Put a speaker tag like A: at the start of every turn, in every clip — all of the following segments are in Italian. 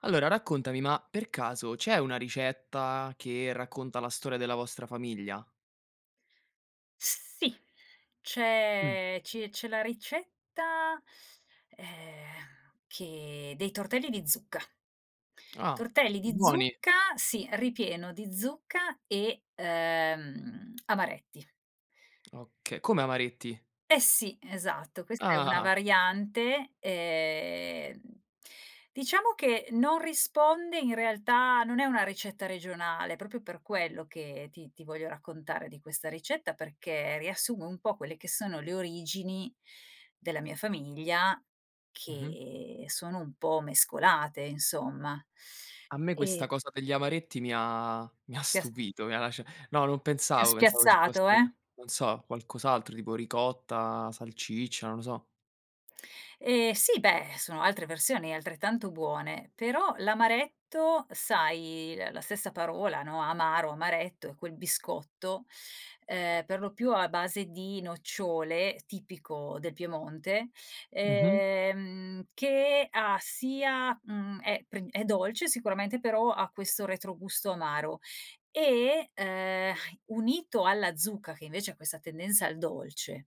A: Allora raccontami ma per caso c'è una ricetta che racconta la storia della vostra famiglia?
B: Sì,
A: Mh.
B: c'è ci c'è la ricetta, ehm, che dei tortelli di zucca.
A: Ah.
B: Tortelli di
A: Buoni.
B: zucca sì, ripieno di zucca e, ehm, amaretti.
A: Oka come amaretti?
B: Eh sì, esatto questa è una
A: Ah!
B: variante, ehm, diciamo che non risponde in realtà non è una ricetta regionale, proprio per quello che ti ti voglio raccontare di questa ricetta perché riassume un po' quelle che sono le origini della mia famiglia
A: Mh-mh.
B: che sono un po' mescolate, insomma,
A: A me
B: ehm
A: questa cosa degli amaretti mi ha mi ha
B: Ti ha sa
A: stupito, mi ha lascia no, non
B: Ti ho
A: pensavo, pensavo ci fosse,
B: spiazzato, eh?
A: non so, qualcos'altro tipo ricotta, salciccia, non lo so.
B: Ehm, sì beh, sono altre versioni e altrettanto buone però l'amaretto sai, l la stessa parola, no, amaro, amaretto, è quel biscotto, ehm, per lo più a base di nocciole, tipico del Piemonte,
A: Mh-mh.
B: ehm, che ha sia mhmm, è prin è dolce sicuramente, però ha questo retrogusto amaro. E, ehm, unito alla zucca, che invece ha questa tendenza al dolce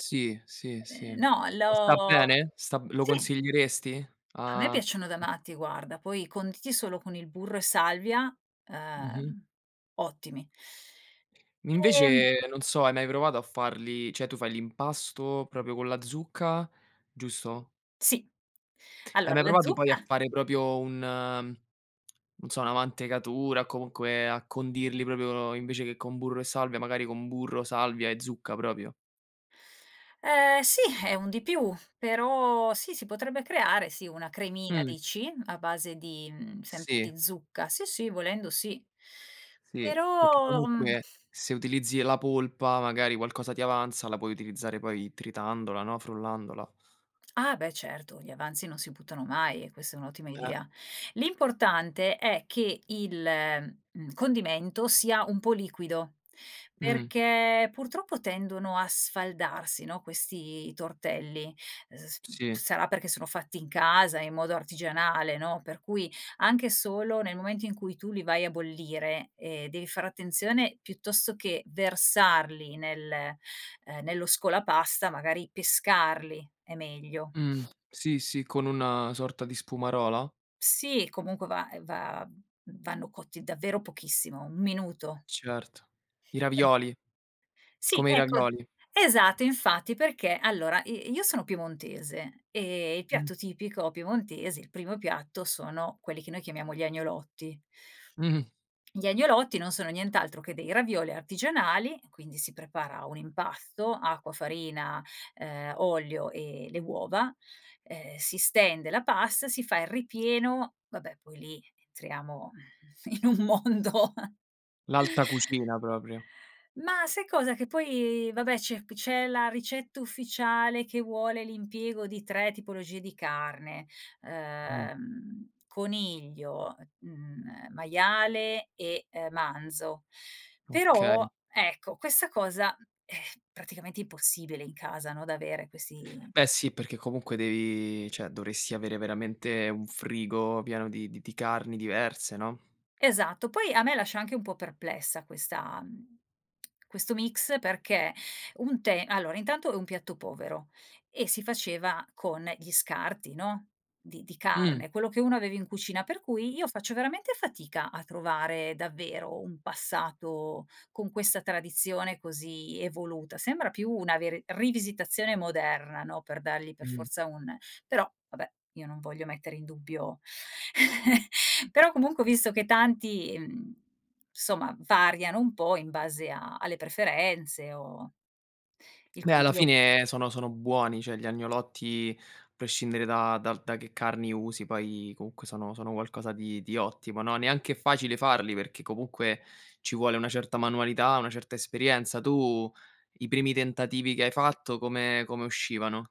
A: Sì, sì, sì.
B: Ehm, no
A: E sta
B: l'ho
A: bene? Sta b lo
B: sì!
A: consiglieresti?
B: A me
A: A
B: piacciono da
A: [unintelligible]
B: matti guarda, poi conditi solo con il burro e salvia,
A: Mh-mh.
B: ehm, ottimi. Ehm
A: Invece, non so, hai mai provato a farli cioè, tu fai l'impasto proprio con la zucca, giusto?
B: Sì.
A: Hai
B: Allora
A: mai
B: la
A: provato poi a
B: zucca
A: fare proprio un non so, una mantecatura, comunque a condirli proprio, invece che con burro e salvia, magari con burro, salvia e zucca proprio?
B: Ehm, sì, è un di più, però sì si potrebbe creare, sì, una cremina
A: Mh.
B: dici, a base di mhmm, sempre
A: Sì.
B: di zucca. Sì, sì, volendo sì.
A: Sì. Perché
B: Però, mhmm
A: comunque, se utilizzi la polpa, magari qualcosa ti avanza, la puoi utilizzare poi tritandola, no, frullandola.
B: Ah, beh, certo, gli avanzi non si buttano mai e questa è un'ottima
A: Eh.
B: idea. L'importante è che il, mhmm, condimento sia un po' liquido
A: Mh.
B: perché purtroppo tendono a sfaldarsi, no, questi tortelli. Uhm, s mhmm,
A: Sì.
B: sarà perché sono fatti in casa in modo artigianale, no, per cui anche solo nel momento in cui tu li vai a bollire, ehm, devi fare attenzione piuttosto che versarli nel uhm, nello scolapasta, magari pescarli è meglio.
A: Mh. Sì sì, con una sorta di spumarola?
B: Sì, comunque va ehm, va v vanno cotti davvero pochissimo, 1 minuto.
A: Certo. I
B: [unintelligible]
A: ravioli.
B: Sì,
A: Come i
B: ecco.
A: ravioli.
B: Esatto, infatti, perché allora, i io sono piemontese e il
A: Mh.
B: piatto tipico piemontese, il primo piatto, sono quelli che noi chiamiamo gli agnolotti.
A: Mh-mh.
B: Gli agnolotti non sono nient'altro che dei ravioli artigianali, e quindi si prepara un impasto: acqua, farina, ehm, olio e le uova. Ehm, si stende la pasta, si fa il ripieno vabbè poi lì entriamo, mhmm, in un mondo.
A: L'alta cucina proprio.
B: Mah, sai cosa, che poi vabbè c'è p c'è la ricetta ufficiale che vuole l'impiego di 3 tipologie di carne:
A: Mh.
B: ehm, coniglio, mhmm, ehm, maiale, e, uhm, manzo. Però,
A: Okay.
B: ecco, questa cosa, mhmm, è praticamente impossibile in casa, no, da avere questi
A: Beh, sì perché comunque devi cioè, dovresti avere veramente un frigo pieno di di di carni diverse, no.
B: Esatto. Poi a me lascia anche un po' perplessa questa mhmm, questo mix perché un te allora, intanto è un piatto povero e si faceva con gli scarti, no, di di
A: Mh.
B: carne, quello che uno aveva in cucina, per cui io faccio veramente fatica a trovare davvero un passato con questa tradizione così evoluta. Sembra più una veri rivisitazione moderna, no, per dargli per
A: Mh.
B: forza un però, vabbè, io non voglio mettere in dubbio Però comunque ho visto che tanti, mhmm, insomma variano un po' in base a alle preferenze o il
A: Poi alla
B: coniglio
A: fine sono sono buoni, cioè gli agnolotti, prescindere da dal da che carni usi poi comunque sono sono qualcosa di di ottimo, no. Neanche è facile farli, perché comunque ci vuole una certa manualità, una certa esperienza. Tu, i primi tentativi che hai fatto, come come uscivano?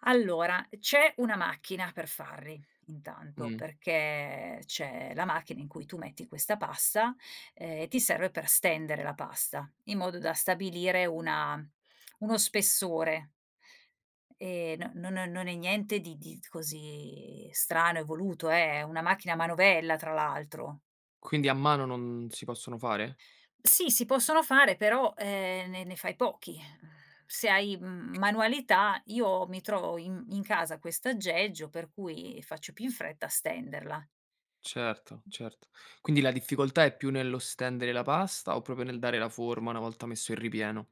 B: Allora, uhm, c'è una macchina per farli, intanto,
A: Mh.
B: perché c'è la macchina in cui tu metti questa pasta, ehm, e ti serve per stendere la pasta in modo da stabilire una uno spessore ehm, no non non non è niente di di t così strano, evoluto eh, è una macchina a manovella tra l'altro.
A: Quindi a mano non si possono fare?
B: Sì, si possono fare però, ehm, ne ne fai pochi, uhm, se hai, m manualità, io mi trovo i in casa questo aggeggio per cui faccio più in fretta a stenderla.
A: Certo, certo. Quindi la difficoltà è più nello stendere la pasta o proprio nel dare la forma una volta messo il ripieno?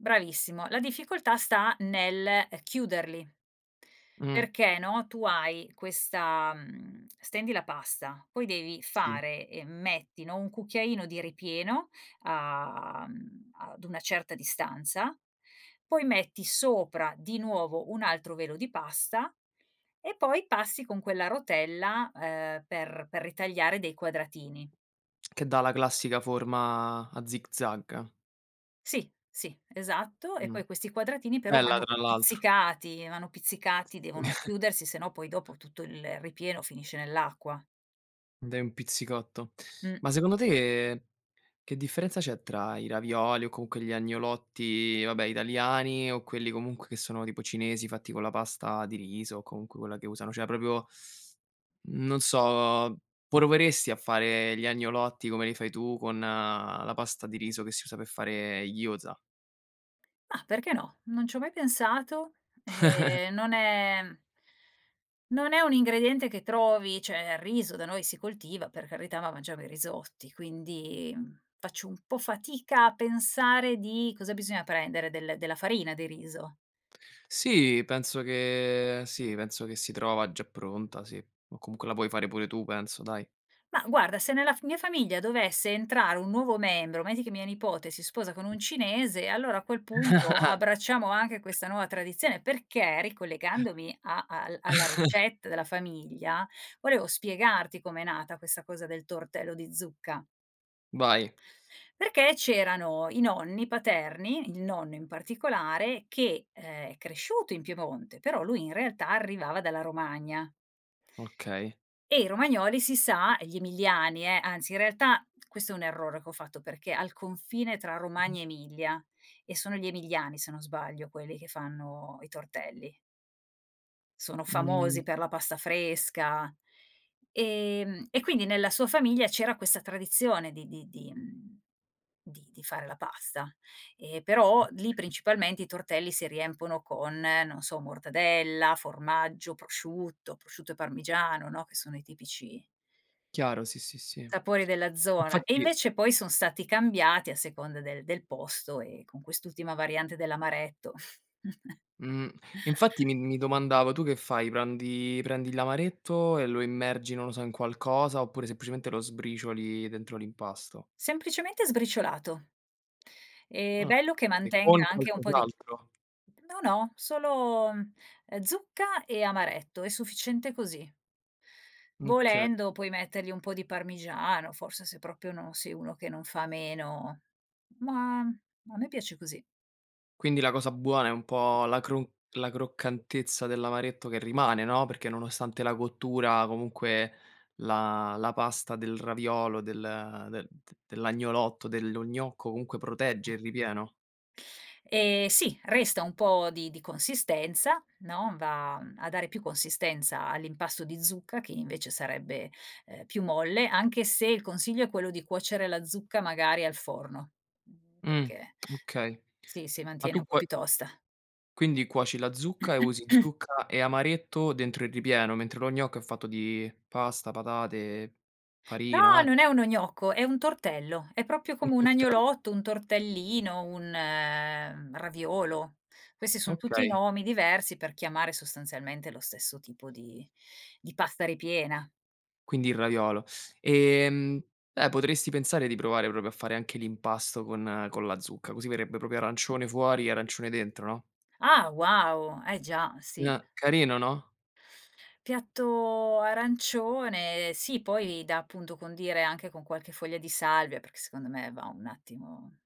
B: Bravissimo. La difficoltà sta nel, ehm, chiuderli
A: Mh.
B: perché, no, tu hai questa mhmm, stendi la pasta. Poi devi
A: Sì.
B: fare ehm, metti, no, 1 cucchiaino di ripieno a mhmm, ad una certa distanza, poi metti sopra di nuovo un altro velo di pasta, e poi passi con quella rotella, ehm, per per ritagliare dei quadratini.
A: Che dà la classica forma a zigzag.
B: Sì, sì, esatto, e
A: Mh.
B: poi questi quadratini però
A: Bella
B: vanno
A: tra l'altro.
B: pizzicati! Vanno pizzicati, devono chiudersi se no poi dopo tutto il ripieno finisce nell'acqua.
A: Dai un pizzicotto.
B: Mh.
A: Ma secondo te, che differenza c'è tra i ravioli o comunque gli agnolotti, vabbè italiani, o quelli comunque che sono tipo cinesi, fatti con la pasta di riso, o comunque quella che usano, cioè proprio mhmm, non so, proveresti a fare gli agnolotti, come li fai tu, con la pasta di riso che si usa per fare i gyoza?
B: Mah, perché no? Non c'ho mai pensato, ehm, non è non è un ingrediente che trovi. Cioè, il riso da noi si coltiva, per carità, ma mangiamo i risotti, quindi, mhmm, faccio un po' fatica a pensare di cosa bisogna prendere? Del della farina, di riso.
A: Sì, penso che sì penso che si trova già pronta sì. O comunque la puoi fare pure tu penso, dai.
B: Mah, guarda, se nella f mia famiglia dovesse entrare 1 nuovo membro, metti che mia nipote si sposa con un cinese, allora a quel punto abbracciamo anche questa nuova
A: [unintelligible]
B: tradizione. Perché, ricollegandomi a al alla ricetta della famiglia volevo spiegarti com'è nata questa cosa del tortello di zucca.
A: Vai!
B: Perché c'erano i nonni paterni, il nonno in particolare, che, ehm, è cresciuto in Piemonte, però lui in realtà arrivava dalla Romagna
A: Okay.
B: e i romagnoli si sa e gli emiliani eh, anzi in realtà questo è un errore che ho fatto, perché al confine tra
A: [unintelligible]
B: Romagna e Emilia, e sono gli emiliani, se non sbaglio, quelli che fanno i tortelli sono
A: Mhmm
B: famosi per la pasta fresca. Ehm, e quindi nella sua famiglia c'era questa tradizione di di di mhmm, di di fare la pasta. E, però, lì
A: Okay.
B: principalmente i tortelli si riempiono con, non so, mortadella, formaggio, prosciutto, prosciutto e parmigiano, no, che sono i tipici
A: Chiaro, sì, sì, sì,
B: sapori della zona. E
A: infatti
B: invece poi son stati cambiati a seconda del del posto e con quest'ultima variante dell'amaretto.
A: Mh. E infatti mi mi domandavo, tu che fai prandi prendi l'amaretto e lo immergi, non lo so, in qualcosa oppure semplicemente lo sbricioli dentro l'impasto?
B: Semplicemente sbriciolato. Ehm,
A: Ah.
B: bello che
A: E con
B: mantenga anche un po' di
A: qualcos'altro?
B: No no, solo, ehm, zucca e amaretto, è sufficiente così.
A: Mh, okay.
B: Volendo puoi mettergli un po' di parmigiano forse, se proprio non sei uno che non fa meno. Ma a me piace così.
A: Quindi la cosa buona è un po' la crun la croccantezza dell'amaretto che rimane, no, perché nonostante la cottura comunque la la pasta del raviolo del de d dell'agnolotto, dello gnocco, comunque protegge il
B: [unintelligible]
A: ripieno?
B: Ehm, sì! Resta un po' di di consistenza, no, va, mhmm, a dare più consistenza all'impasto di zucca che invece sarebbe, ehm, più molle. Anche se il consiglio è quello di cuocere la zucca magari al forno, mhmm,
A: Mh.
B: perché
A: Okay,
B: si si
A: ma
B: mantiene
A: tu
B: un po'
A: cuo
B: più tosta.
A: quindi cuoci la zucca, e usi zucca e amaretto dentro il ripieno, mentre lo gnocco è fatto di pasta, patate,
B: No,
A: farina a
B: non è uno gnocco! È un tortello. È proprio
A: Un
B: come un
A: tortello.
B: agnolotto, un tortellino, un raviolo. Questi son tutti
A: Okay.
B: nomi diversi per chiamare sostanzialmente lo stesso tipo di di pasta ripiena.
A: Quindi il raviolo. Ehm. Eh potresti pensare di provare proprio a fare anche l'impasto con con la zucca, così verrebbe proprio arancione fuori e arancione dentro, no?
B: Ah, wow! Eh già,
A: N
B: sì!
A: eh, carino, no.
B: Piatto arancione, sì, poi da, appunto, condire anche con qualche foglia di salvia, perché secondo me va un attimo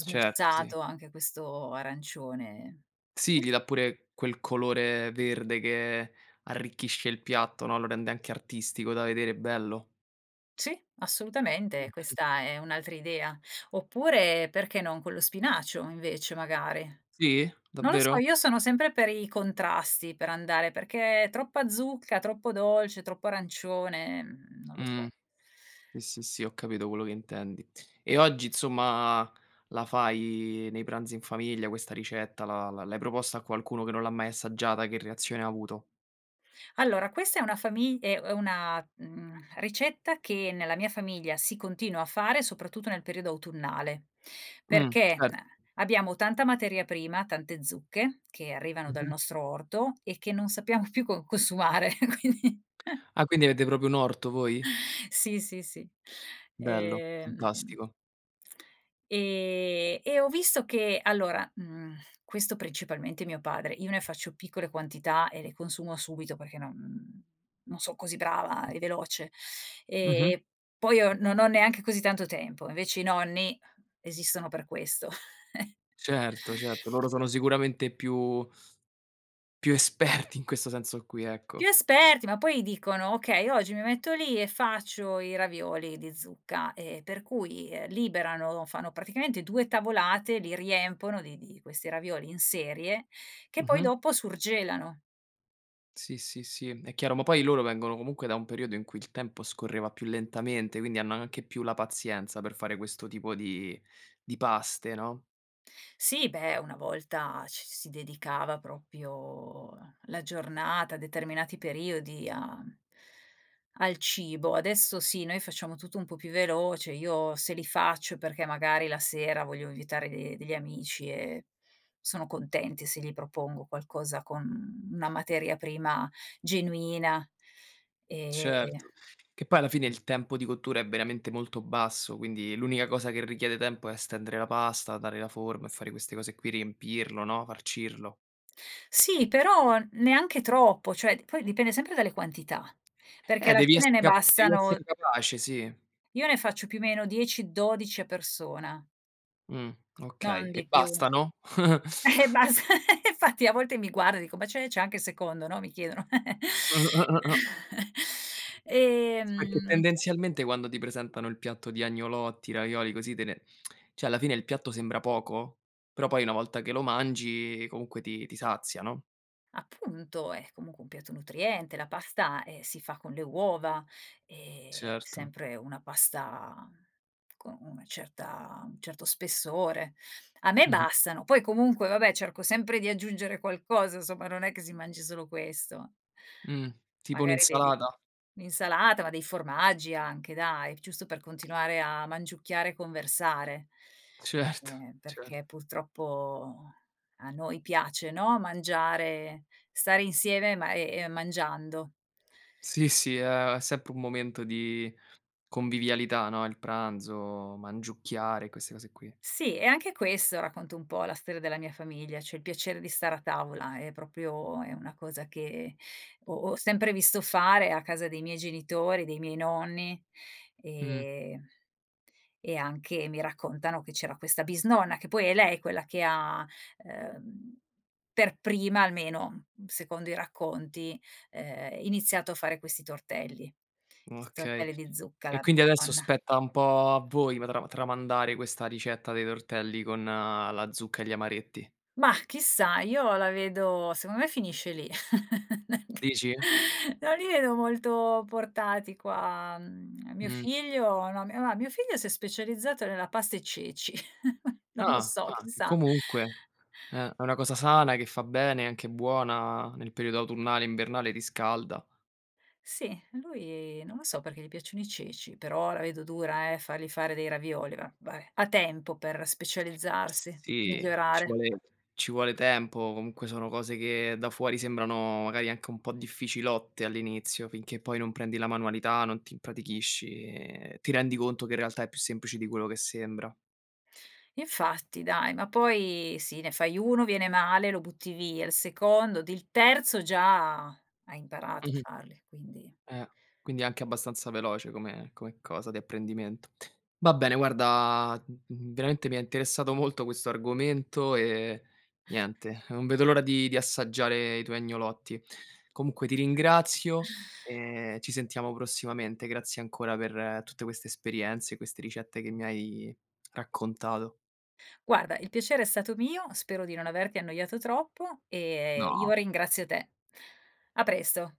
A: Certo, sì.
B: anche questo arancione. Sì,
A: Sì gli
B: sì.
A: dà pure quel colore verde che arricchisce il piatto, no. Lo rende anche artistico da vedere, bello.
B: Sì, assolutamente,
A: Mh-mh.
B: questa è un'altra idea. Oppure perché non con lo spinacio invece, magari.
A: Sì?
B: Non lo so,
A: Davvero?
B: io sono sempre per i contrasti, per andare, perché troppa zucca, troppo dolce, troppo arancione, mhmm, non lo
A: Mh.
B: so.
A: Sì, sì, sì, ho capito quello che intendi. E oggi insomma la fai nei pranzi in famiglia questa ricetta, la la l'hai proposta a qualcuno che non l'ha mai assaggiata? Che reazione ha avuto?
B: Allora, questa è una fami ehm, è una, mhmm, ricetta che nella mia famiglia si continua a fare, soprattutto nel periodo autunnale,
A: Mh,
B: perché, eh,
A: cer
B: abbiamo tanta materia prima, tante zucche, che arrivano dal
A: Mh-mh.
B: nostro orto e che non sappiamo più con consumare quindi.
A: Ah, quindi avete proprio un orto voi?
B: Sì, sì, sì,
A: Bello,
B: ehm
A: fantastico.
B: e e ho visto che allora, mhmm, questo principalmente mio padre, io ne faccio piccole quantità e le consumo subito perché non, mhmm, non son così brava e veloce, ehm,
A: Mh-mh.
B: e poi io non ho neanche così tanto tempo. Invece i nonni esistono per questo.
A: Certo, certo, loro sono sicuramente più più esperti in questo senso qui,
B: Più
A: ecco.
B: esperti, ma poi dicono: "Okay oggi mi metto lì e faccio i ravioli di zucca," ehm, per cui, ehm, liberano fanno praticamente 2 tavolate, li riempiono di di questi ravioli in serie che poi
A: Mh-mh.
B: dopo surgelano.
A: Sì, sì, sì, è chiaro, ma poi loro vengono comunque da un periodo in cui il tempo scorreva più lentamente, quindi hanno anche più la pazienza per fare questo tipo di di paste no?
B: Sì beh, una volta ci si dedicava proprio, ehm, la giornata, determinati periodi a al cibo. Adesso sì, noi facciamo tutto un po' più veloce, io se li faccio perché magari la sera voglio invitare de degli amici e sono contenti se gli propongo qualcosa con una materia prima genuina, ehm
A: Certo, che poi alla fine il tempo di cottura è veramente molto basso, quindi l'unica cosa che richiede tempo è stendere la pasta, dare la forma e fare queste cose qui, riempirlo, no, farcirlo.
B: Sì, però n neanche troppo, cioè poi dipende sempre dalle quantità perché
A: Eh,
B: ad
A: devi
B: alcune
A: essere
B: ne
A: capa devi
B: bastano
A: essere capace, sì.
B: Io ne faccio più meno 10-12 a persona.
A: Mh, okay,
B: Non
A: e
B: di più,
A: bastano?
B: e bas infatti a volte mi guarda e dico: "Ma c'è c'è anche il secondo," no, mi chiedono.
A: Sì, perché
B: Ehm
A: tendenzialmente quando ti presentano il piatto di agnolotti, ravioli, così te ne cioè alla fine il piatto sembra poco però poi una volta che lo mangi, ehm, comunque ti ti sazia no?
B: Appunto è comunque un piatto nutriente, la pasta, eh, si fa con le uova, ehm,
A: Certo.
B: sempre una pasta con una certa un certo spessore. A me
A: Mh-mh.
B: bastano, poi comunque, va beh, cerco sempre di aggiungere qualcosa somma, non è che si mangi solo questo.
A: Mh, tipo
B: Magari vedi
A: un'insalata?
B: un'insalata, ma dei formaggi anche dai, giusto per continuare a mangiucchiare e conversare,
A: Certo,
B: ehm,
A: cer
B: perché purtroppo a noi piace, no, mangiare, stare insieme, ma, ehm, mangiando.
A: Sì, sì è sempre un momento di convivialità, no, il pranzo, mangiucchiare, queste cose qui.
B: Sì, e anche questo, racconto un po' la storia della mia famiglia, cioè il piacere di stare a tavola è proprio è una cosa che ho ho sempre visto fare a casa dei miei genitori, dei miei nonni,
A: Mh.
B: ehm, e anche, mi raccontano, che c'era questa bisnonna, che poi è lei quella che ha, ehm, per prima almeno, mhmm, secondo i racconti, ehm, iniziato a fare questi tortelli, 'sti
A: Okay,
B: tortelli di zucca,
A: e
B: la
A: quindi adesso
B: bisnonna.
A: spetta un po' a voi ma tra tramandare questa ricetta dei tortelli con, ehm, la zucca e gli amaretti.
B: Mah, chissà, io la vedo secondo me finisce lì.
A: Dici?
B: Non li vedo molto portati qua, mhmm, mio
A: Mh.
B: figlio, no mia ma mio figlio si è specializzato nella pasta e ceci, non lo
A: Ah,
B: so,
A: anche
B: chissà.
A: comunque eh, è una cosa sana che fa bene, è anche buona, nel periodo autunnale, invernale, riscalda.
B: Sì, lui non lo so perché gli piacciono i ceci, però la vedo dura eh, fargli fare dei ravioli, va va beh, ha tempo per specializzarsi,
A: Sì, ci
B: migliorare.
A: vuole ci vuole tempo, o comunque sono cose che da fuori sembrano magari anche un po' difficilotte all'inizio, finché poi non prendi la manualità, non ti impratichisci, ehm, ti rendi conto che in realtà è più semplice di quello che sembra.
B: Infatti dai, ma poi sì, ne fai 1, viene male lo butti via, il secondo ed il terzo già hai imparato a
A: Mh-mh
B: farli, quindi.
A: Eh, quindi è anche abbastanza veloce come come cosa di apprendimento. Va bene guarda, mhmm, veramente mi ha interessato molto questo argomento, ehm, niente, non vedo l'ora di di assaggiare i tuoi agnolotti. Comunque ti ringrazio, e ci sentiamo prossimamente. Grazie ancora per tutte queste esperienze, queste ricette che mi hai raccontato.
B: Guarda, il piacere è stato mio, spero di non averti annoiato troppo, ehm, io
A: No.
B: ringrazio te. A presto.